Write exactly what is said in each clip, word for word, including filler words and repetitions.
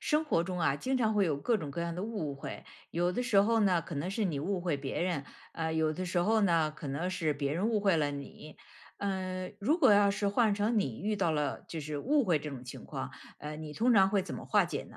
生活中啊经常会有各种各样的误会，有的时候呢可能是你误会别人，呃，有的时候呢，可能是别人误会了你。呃，如果要是换成你遇到了就是误会这种情况，呃，你通常会怎么化解呢？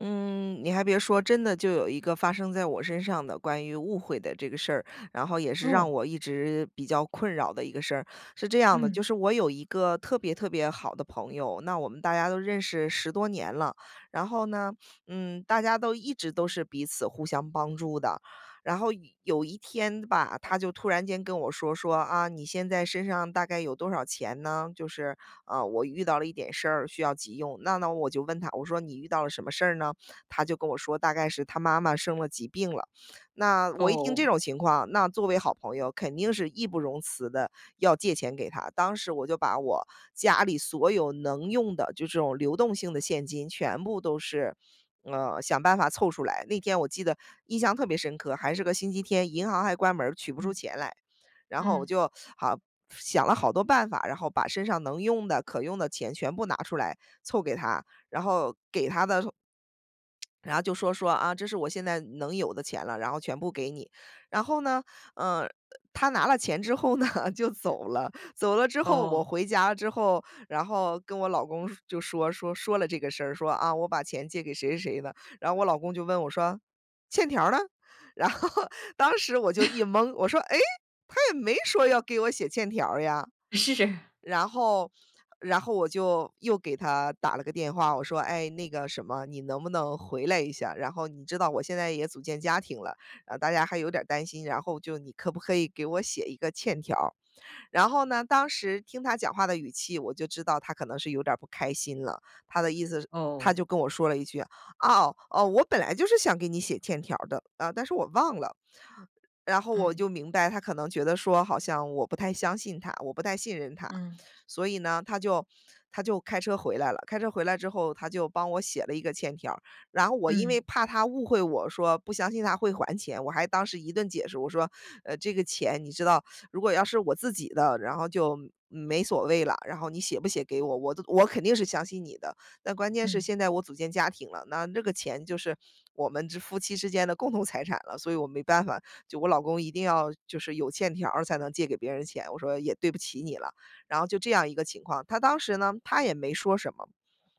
嗯，你还别说真的就有一个发生在我身上的关于误会的这个事儿，然后也是让哦。我一直比较困扰的一个事儿。是这样的，嗯。就是我有一个特别特别好的朋友，那我们大家都认识十多年了。然后呢，嗯，大家都一直都是彼此互相帮助的。然后有一天吧，他就突然间跟我说，说：“啊，你现在身上大概有多少钱呢？就是，呃，我遇到了一点事儿需要急用”。那那我就问他，我说：“你遇到了什么事儿呢？”他就跟我说，大概是他妈妈生了急病了。那我一听这哦。种情况，那作为好朋友，肯定是义不容辞地要借钱给他。当时我就把我家里所有能用的就这种流动性的现金全部都是，呃，想办法凑出来。那天，我记得印象特别深刻，还是个星期天，银行还关门儿取不出嗯。钱来。然后我嗯。就好想了好多办法，然后把身上能用的、可用的钱全部拿出来凑给他，然后给他的时候 然后就说说：“啊，这是我现在能有的钱了，然后全部给你”。然后呢，呃，他拿了钱之后呢，就走了。走了之后，我哦。回家之后，然后跟我老公说就说说说了这个事儿，说啊我把钱借给谁谁谁的。然后我老公就问我说：“欠条儿呢？”然后，当时我就一 蒙，我说：“诶，他也没说要给我写欠条儿呀”。是。然后然后我就又给他打了个电话，我说：“诶，那个什么，你能不能回来一下？然后你知道我现在也组建家庭了，然后大家还有点儿担心，然后就你可不可以给我写一个欠条儿？”然后呢，当时听他讲话的语气，我就知道他可能是有点儿不开心了。他的意思是他哦。就跟我说了一句：“哦哦，我本来就是想给你写欠条儿的，啊，但是我忘了”。然后我嗯。就明白，他可能觉得说好像我不太相信他，我不太信任他。嗯。所以呢，他就他就开车回来了，开车回来之后，他就帮我写了一个欠条儿。然后我因嗯。为怕他误会我说不相信他会还钱，我还当时一顿解释，我说：“呃，这个钱你知道，如果要是我自己的，然后就没没所谓了。然后你写不写给我，我都我肯定是相信你的。但关键是嗯。现在我组建家庭了，那这个钱就是我们之夫妻之间的共同财产了，所以我没办法。就我老公一定要就是有欠条儿才能借给别人钱”。我说：“也对不起你了”，然后就这样一个情况。他当时呢，他也没说什么，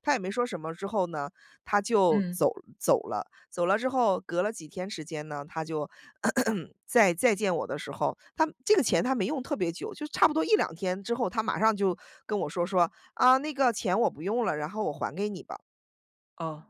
他也没说什么之后呢，他就嗯。走走了。走了之后，隔了几天时间呢，他就 在再见我的时候，他这个钱他没用特别久，就差不多一两天之后，他马上就跟我说，说：“啊，那个钱我不用了，然后我还给你吧。”哦。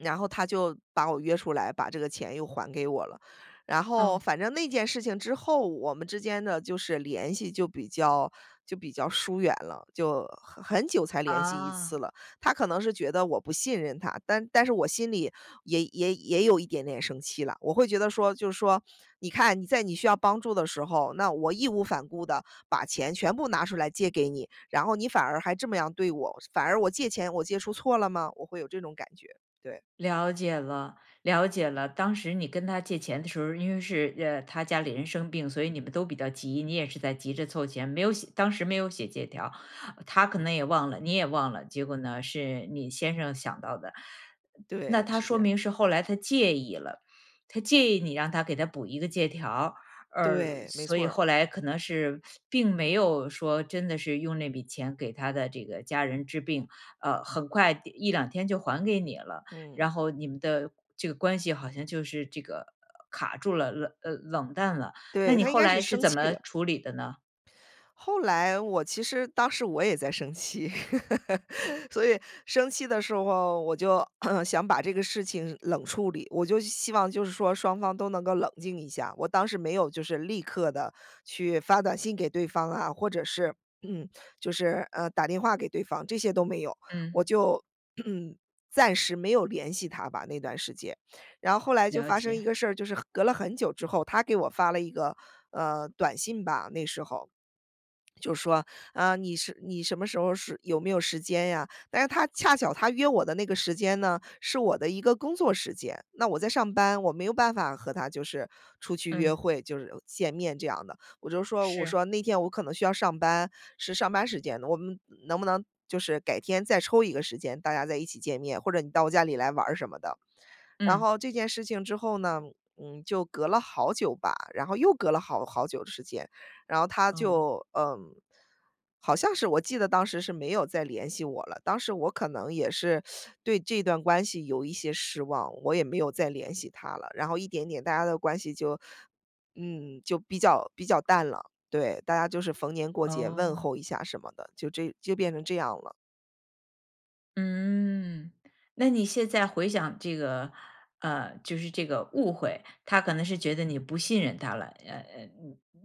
然后他就把我约出来，把这个钱又还给我了。然后嗯。反正那件事情之后，我们之间的就是联系就比较就比较疏远了，就很很久才联系一次啊。了。他可能是觉得我不信任他，但但是我心里也也也有一点点生气了。我会觉得说，就是说，你看你在你需要帮助的时候，那我义无反顾地把钱全部拿出来借给你，然后你反而还这么样对我，反而我借钱，我借出错了吗？我会有这种感觉，对。了解了，了解了。当时你跟他借钱的时候儿，因为是，呃，他家里人生病，所以你们都比较急，你也是在急着凑钱，没有写当时没有写借条。他可能也忘了，你也忘了，结果呢，是你先生想到的。对，那他是这说样。明是后来他介意了，他介意你让他给它补一个借条，而对，没所错以儿。后来可能是，并没有说真的是用那笔钱，给他的这个家人治病，呃，很快第一两天就还给你了。嗯。然后你们的这个关系，好像就是这个卡住了，冷呃，冷淡了。那对，你他应后该是来是生怎气么了。处理的呢？后来我其实当时我也在生气。所以生气的时候，我就 想把这个事情冷处理，我就希望就是说双方都能够冷静一下，我当时没有就是立刻地去发短信给对方啊，或者是 就是，呃，打电话给对方，这些都没有。嗯。我就 暂时没有联系他吧，那段时间。然后后来就了发生一解。个事儿，就是隔了很久之后，他给我发了一个，呃，短信吧，那时候。就说：“啊，你是你什么时候是有没有时间呀？”但是他恰巧他约我的那个时间呢，是我的一个工作时间，那我在上班，我没有办法和他就是出去约嗯。会，就是见面这样的。我就说，我是。说：“那天我可能需要上班，是上班时间。我们能不能就是改天再抽一个时间，大家再一起见面，或者你到我家里来玩儿。”什么的。然嗯。后这件事情之后呢，嗯，就隔了好久吧，然后又隔了好好久的时间，然后他哦。就嗯，好像是我记得当时是没有再联系我了。当时我可能也是 对这段关系有一些失望，我也没有再联系他了。然后一点点大家的关系就嗯，就比较比较淡了，对，大家就是逢年过节问哦。候一下什么的，就这就变成这样了。嗯，那你现在回想这个，呃，就是这个误会，他可能是觉得你不信任他了。呃，呃，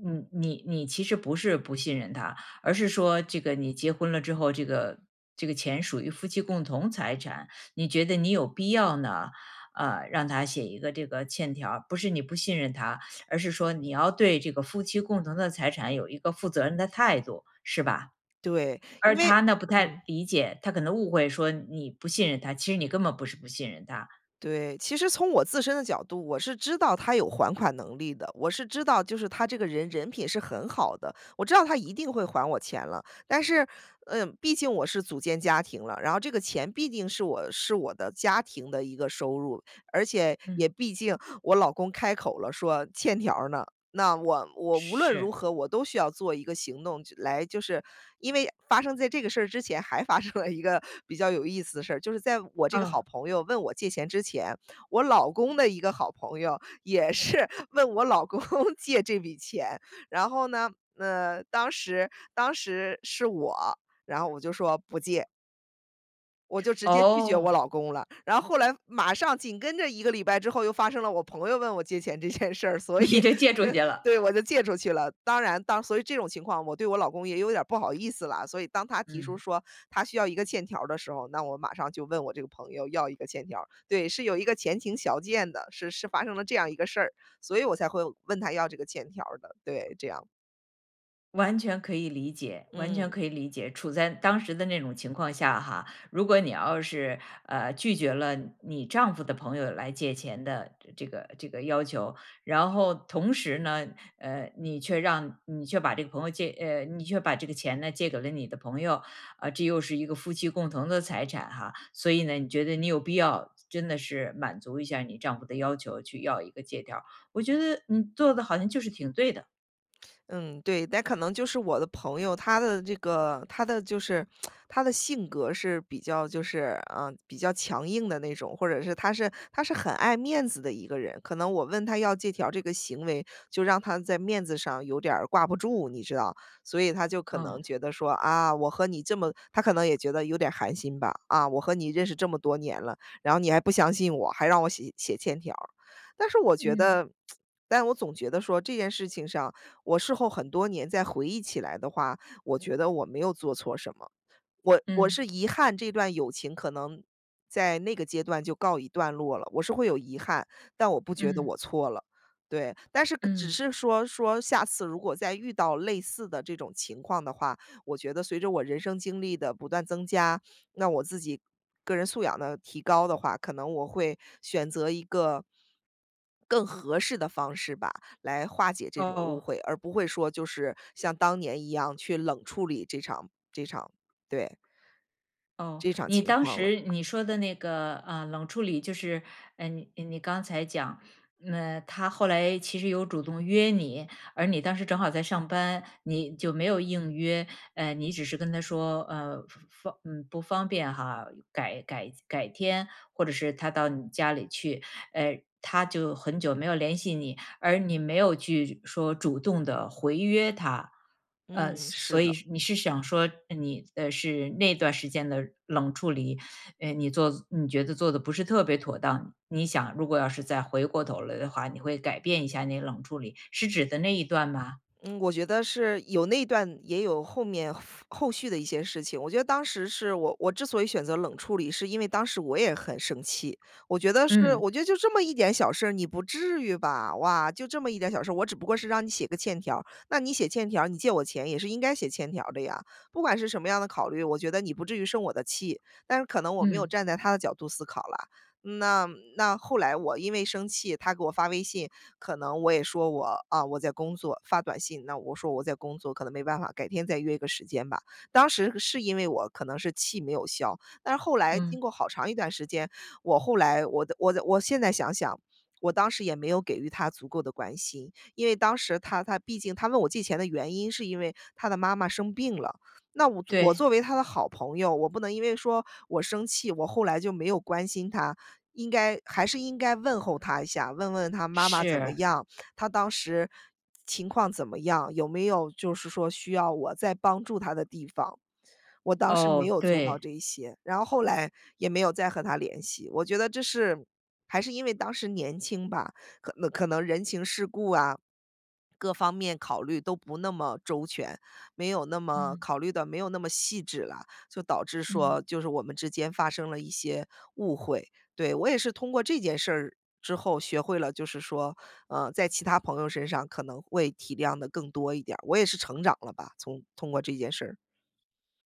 你你你你其实不是不信任他，而是说这个你结婚了之后，这个这个钱属于夫妻共同财产，你觉得你有必要呢，呃，让他写一个这个欠条儿。不是你不信任他，而是说你要对这个夫妻共同的财产有一个负责任的态度，是吧？对，因而为他呢，不嗯。太理解，他可能误会说你不信任他，其实你根本不是不信任他。对，其实从我自身的角度，我是知道他有还款能力的，我是知道就是他这个人人品是很好的，我知道他一定会还我钱了。但是，呃，毕竟我是组建家庭了，然后这个钱毕竟是我是我的家庭的一个收入，而且嗯。也毕竟我老公开口了，说：“欠条儿呢？”那我我无论如是。何我都需要做一个行动去来就是因为发生在这个事儿之前还发生了一个比较有意思的事儿，就是在我这个嗯。好朋友问我借钱之前，我老公的一个好朋友也是问我老公借这笔钱。然后呢，呃，当时当时是我，然后我就说：“不借。”我就直接拒绝我哦。老公了，然后后来马上紧跟着一个礼拜之后又发生了我朋友问我借钱这件事儿，所以你就借出去了。对我就借出去了。当然当所以这种情况我对我老公也有点儿不好意思了，所以当他提出嗯。说他需要一个欠条儿的时候，那我马上就问我这个朋友要一个欠条儿。对，是有一个前情小件的。是是发生了这样一个事儿，所以我才会问他要这个欠条儿的，对，这样。完全可以理解，完全嗯。可以理解。处在当时的那种情况下哈，如果你要是，呃，拒绝了你丈夫的朋友来借钱的这个这个要求，然后同时呢，呃，你却让你却把这个朋友借你却把这个钱呢借给了你的朋友，啊，这又是一个夫妻共同的财产哈。所以呢，你觉得你有必要真的是满足一下你丈夫的要求去要一个借条儿，我觉得你做的好像就是挺对的。嗯，对。但可能就是我的朋友，他的这个他的就是 他的性格是比较就是，呃，比较强硬的那种，或者是他是他是很爱面子的一个人。可能我问他要借条儿这个行为，就让他在面子上有点儿挂不住，你知道。所以他就可能嗯。觉得说：“啊，我和你这么“他可能也觉得有点儿寒心吧，”啊，我和你认识这么多年了，然后你还不相信我，还让我写写欠条儿。“但是我觉嗯。得，但我总觉得说这件事情上我事后很多年再回忆起来的话，我觉得我没有做错什么。我我嗯。是遗憾这段友情可能在那个阶段就告一段落了，我是会有遗憾，但我不觉得我嗯。错了，对。但是只嗯。是说说下次如果再遇到类似的这种情况的话，我觉得随着我人生经历的不断增加，那我自己个人素养的提高的话，可能我会选择一个更合适的方式吧，来化解这种误哦。会，而不会说就是像当年一样去冷处理这场这场对。哦，这场你情当况了。时你说的那个，呃，冷处理就是，呃，你你刚才讲，嗯，他后来其实有主动约你，而你当时正好在上班，你就没有应约。呃，你只是跟他说，呃，方嗯，不方便哈，改改改天或者是他到你家里去。呃，他就很久没有联系你，而你没有去说主动地回约他。呃，嗯，是所所以的。你是想说你呃，是那段时间的冷处理，呃，你做你觉得做得不是特别妥当。你想如果要是再回过头来的话，你会改变一下你冷处理，是指的那一段吗？嗯，我觉得是有那段也有后面后续的一些事情。我觉得当时是我我之所以选择冷处理，是因为当时我也很生气。我觉得是，嗯。我觉得：“就这么一点小事儿，你不至于吧。哇，就这么一点小事儿，我只不过是让你写个欠条儿，那你写欠条儿，你借我钱也是应该写欠条儿的呀。不管是什么样的考虑，我觉得你不至于生我的气。”但是可能我没有嗯。站在他的角度思考啦，那那后来我因为生气，他给我发微信，可能我也说：“我啊，我在工作。”发短信，那我说：“我在工作，可能没办法，改天再约个时间吧。”当时是因为我可能是气没有消，但是后来经嗯。过好长一段时间，我后来我的我的我现在想想，我当时也没有给予他足够的关心。因为当时他他毕竟他问我借钱的原因是因为他的妈妈生病了，那我我对。作为他的好朋友，我不能因为说我生气，我后来就没有关心他，应该还是应该问候他一下，问问他妈妈怎么是。样，他当时情况怎么样，有没有就是说需要我再帮助他的地方。我当时哦，没有做到对。这一些，然后后来也没有再和他联系。我觉得这是还是因为当时年轻吧，可能可能人情世故啊，各方面考虑都不那么周全，没有那么嗯。考虑得没有那么细致啦，就导致嗯。说就是我们之间发生了一些误会，对。我也是通过这件事儿之后学会了就是说，呃，在其他朋友身上可能会体谅得更多一点儿，我也是成长了吧，从通过这件事。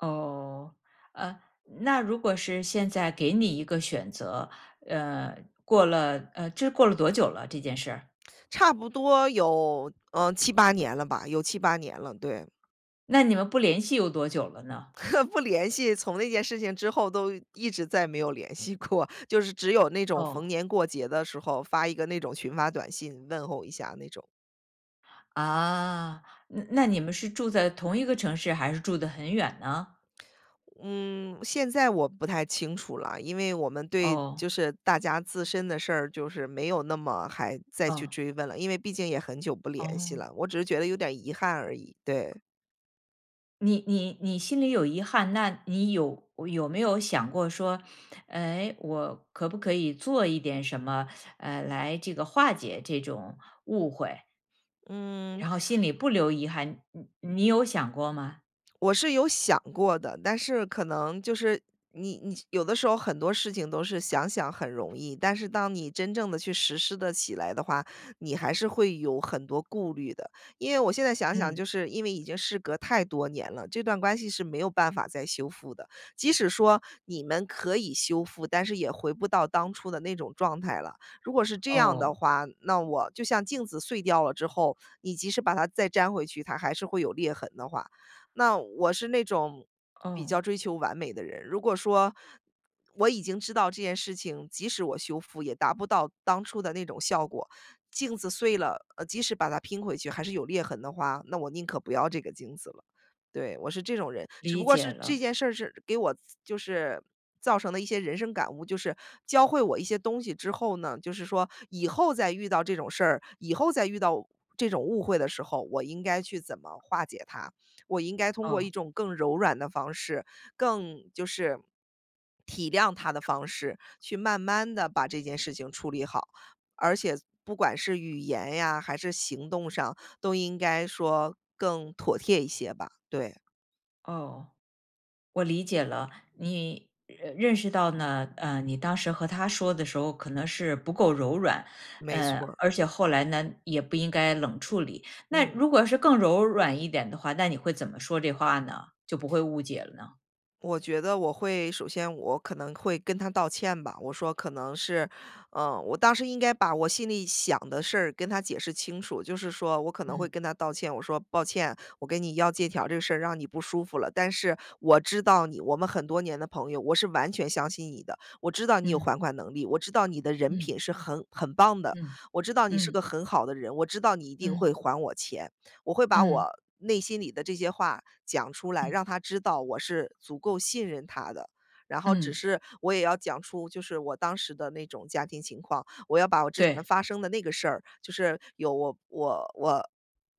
哦。呃，那如果是现在给你一个选择，呃，过了呃，这过了多久了这件事儿？差不多有，呃，七八年了吧，有七八年了，对。那你们不联系有多久了呢？不联系，从那件事情之后都一直再没有联系过，就是只有那种逢哦。年过节的时候，发一个那种群发短信，问候一下那种。啊，那那你们是住在同一个城市还是住得很远呢？嗯，现在我不太清楚了，因为我们对哦。就是大家自身的事儿就是没有那么还再去嗯。追问了。因为毕竟也很久不联系哦。了，我只是觉得有点儿遗憾而已，对。你你你心里有遗憾，那你有有没有想过说，哎，我可不可以做一点什么，呃，来这个化解这种误会？嗯。然后，心里不留遗憾，你你有想过吗？我是有想过的。但是可能就是你你有的时候很多事情都是想想很容易，但是当你真正地去实施得起来的话，你还是会有很多顾虑的。因为我现在想想，嗯。就是因为已经事隔太多年了，这段关系是没有办法再修复的，即使说你们可以修复，但是也回不到当初的那种状态了。如果是这样的哦。话，那我就像镜子碎掉了之后，你即使把它再粘回去，它还是会有裂痕的话。那我是那种比较嗯。追求完美的人，如果说我已经知道这件事情，即使我修复也达不到当初的那种效果。镜子碎了，呃，即使把它拼回去还是有裂痕的话，那我宁可不要这个镜子了，对，我是这种人。只不理过解是这了。件事儿是给我造就是造成了一些人生感悟，就是教会我一些东西之后呢，就是说以后再遇到这种事儿，以后再遇到这种误会的时候，我应该去怎么化解它。我应该通过一哦。种更柔软的方式，更就是体谅他的方式，去慢慢地把这件事情处理好。而且不管是语言呀，还是行动上，都应该说更妥贴一些吧，对。哦，我理解了。你，认认识到呢，呃，你当时和他说的时候可能是不够柔软，没错呃，儿。而且后来呢，也不应该冷处理。那嗯。如果是更柔软一点的话，那你会怎么说这话呢，就不会误解了呢？我觉得我会首先我可能会跟他道歉吧，我说：“可能是，呃“我当时应该把我心里想的事儿跟他解释清楚，就是说，我可能会嗯。跟他道歉。我说：“抱歉，我给你要借条儿这事儿让你不舒服了。但是我知道你，我们很多年的朋友，我是完全相信你的。我知道你有嗯。还款能力，我知道你的人嗯。品是很很棒的，嗯，我知道你是嗯。个很好的人，我知道你一定嗯。会还我钱。”我会把嗯。我内心里的这些话讲出来，嗯。让他知道我是足够信任他的。然后只嗯。是我也要讲出就是我当时的那种家庭情况，我要把我之前对。发生的那个事儿，就是有我我我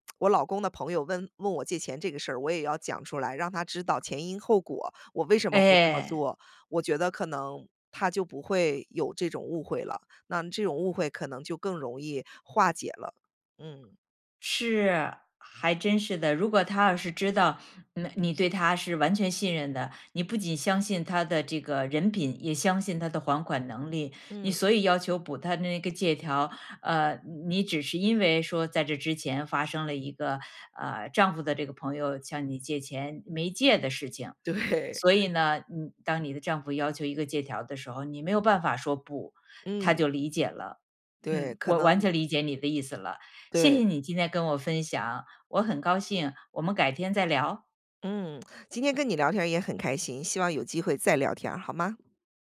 我老公的朋友问问我借钱这个事儿，我也要讲出来，让他知道前因后果，我为什么会这么哎。做。我觉得可能他就不会有这种误会了，那这种误会可能就更容易化解了，嗯。是，还真是的。如果他要是知道，呃，你对他是完全信任的，你不仅相信他的这个人品，也相信他的还款能力。你嗯。所以要求补他那个借条，呃，你你只是因为说在这之前发生了一个，呃，丈夫的这个朋友向你借钱，没借的事情。对。所以 呢，嗯，当你的丈夫要求一个借条的时候，你没有办法说：“不”，他嗯。就理解了。对，嗯，可我完能全理解你的意思了，谢对。谢你今天跟我分享。我很高兴，我们改天再聊。嗯，今天跟你聊天儿也很开心，希望有机会再聊天儿，好吗？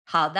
好的。